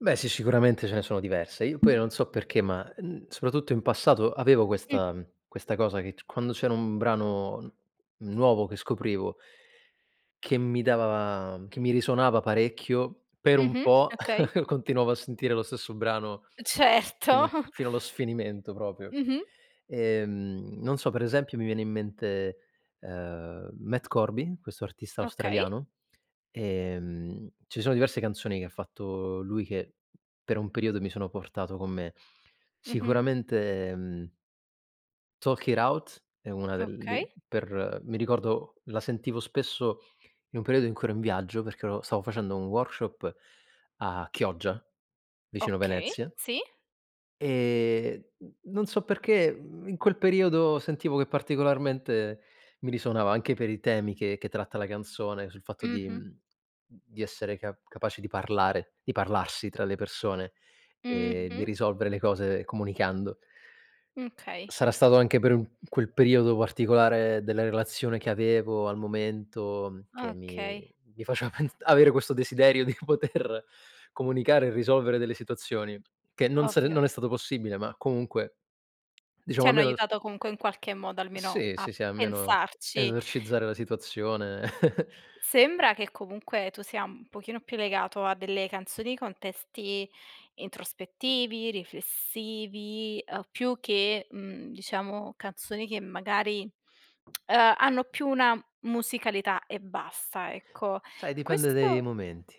Beh sì, sicuramente ce ne sono diversi. Io poi non so perché, ma n soprattutto in passato avevo Mh. questa mhmm, questa cosa che c quando c'era un brano n nuovo che scoprivo che mi dava che mi risuonava parecchio, per un Mh-mh, po' okay. continuavo a sentire lo stesso brano fino Certo. fino allo sfinimento proprio. Mh-mh. E, mhmm, non so, per esempio mi viene in mente, ehm, Matt Corby, questo artista Okay. australiano, ehm, ci sono diverse canzoni che ha fatto lui che per un periodo mi sono portato con me. Mh-mh. Sicuramente, mhmm Talk it out è una del Okay. li per mi ricordo, la sentivo spesso in un periodo in cui ero in viaggio perché ero stavo facendo un workshop a Chioggia vicino Okay, Venezia sì. e n non so perché in quel periodo sentivo che particolarmente mi risuonava. Anche per i temi che che tratta la canzone, sul fatto di Mh-mh. mhmm, di essere ca capaci di parlare, di parlarsi tra le persone e di Mh-mh. risolvere le cose comunicando. Okay. Sarà stato anche per un quel periodo particolare della relazione che avevo al momento che Okay. mi mi faceva pens avere questo desiderio di poter comunicare e risolvere delle situazioni, che non se Ovvio. non è stato possibile, ma comunque, diciamo, Ti hanno almeno aiutato comunque in qualche modo almeno Sì, a sì, sì, almeno pensarci. esorcizzare la situazione. Sembra che comunque tu sia un pochino più legato a delle canzoni con testi introspettivi, riflessivi, uhm, più che, mhmm, diciamo canzoni che magari, uhm, ha hanno più una musicalità e basta, ecco. Sai, dipende dai Questo momenti.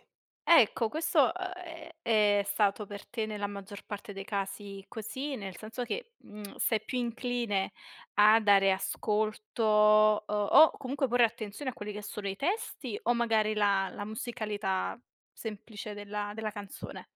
Ecco questo, ehm, è stato per te nella maggior parte dei casi così, nel senso che, mhmm, sei più incline a dare ascolto, uhm, o comunque porre attenzione a quelli che sono i testi o magari la la musicalità semplice della della canzone?